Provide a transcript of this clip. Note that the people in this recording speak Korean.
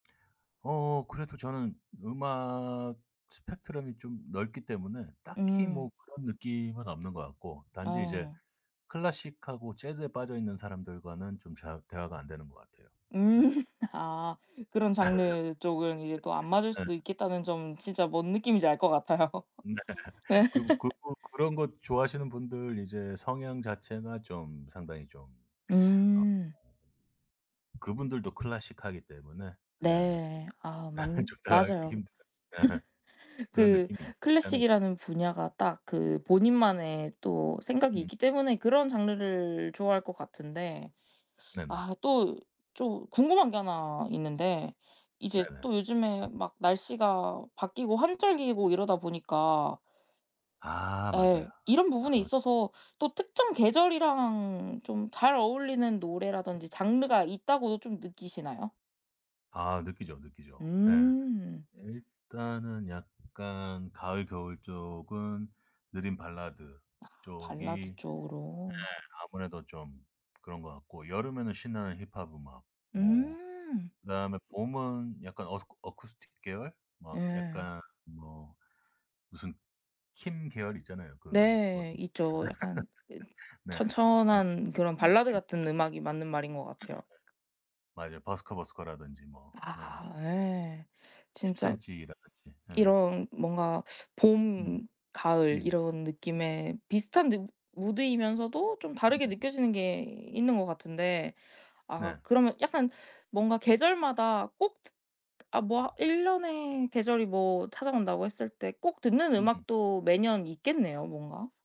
어 그래도 저는 음악 스펙트럼이 좀 넓기 때문에 딱히 뭐 음. 그런 느낌은 없는 것 같고 단지 이제 어. 클래식하고 재즈에 빠져있는 사람들과는 좀 잘 대화가 안 되는 것 같아요. 네. 음. 아 그런 장르 쪽은 이제 또 안 맞을 예. 수도 있겠다는 점은 진짜 뭔 느낌인지 알 것 같아요. 네. 네. 그리고 그 그런 거 좋아하시는 분들 이제 성향 자체나 좀 상당히 좀 어 어 음. 그분들도 클래식하기 때문에 예 네. 아 예 맞는 좀 다가가기 맞아요. 힘들어요. 네. 그런 그 느낌이 없잖아 있죠. 클래식이라는 분야가 딱 그 본인만의 또 생각이 음. 있기 때문에 그런 장르를 좋아할 것 같은데 네네. 아 또 좀 궁금한 게 하나 있는데 이제 네네. 또 요즘에 막 날씨가 바뀌고 환절기이고 이러다 보니까 아 맞아요. 예 이런 부분에 아. 있어서 또 특정 계절이랑 좀 잘 어울리는 노래라든지 장르가 있다고도 좀 느끼시나요? 아 느끼죠, 느끼죠. 예. 음. 일단은 약간 가을 겨울 쪽은 느린 발라드 아 쪽이 발라드 네 쪽으로. 아무래도 좀 그런 것 같고 여름에는 신나는 힙합 음악 뭐 음. 그다음에 봄은 약간 어스쿠 어쿠스틱 계열 뭐 예. 약간 뭐 무슨 퀸 계열이 있잖아요. 그 느 어 네 있죠. 약간 예 네. 무슨 천천한 그런 발라드 [unintelligible] 같은 음악이 맞는 말인 것 같아요. 맞아요. 버스커버스커라든지 뭐. 어. 아 예. 진짜 10cm라든지. 예. 이런 뭔가 음. 봄 가을 음. 이런 느낌에 비슷한 느 무드이면서도 좀 다르게 음음음. 느껴지는 게 있는 것 같은데, 아 네. 그러면 약간 뭔가 계절마다 꼭 듣 아 뭐 1 년에 계절이 뭐 찾아온다고 했을 때 꼭 듣는 음음음. 음악도 매년 있겠네요 뭔가.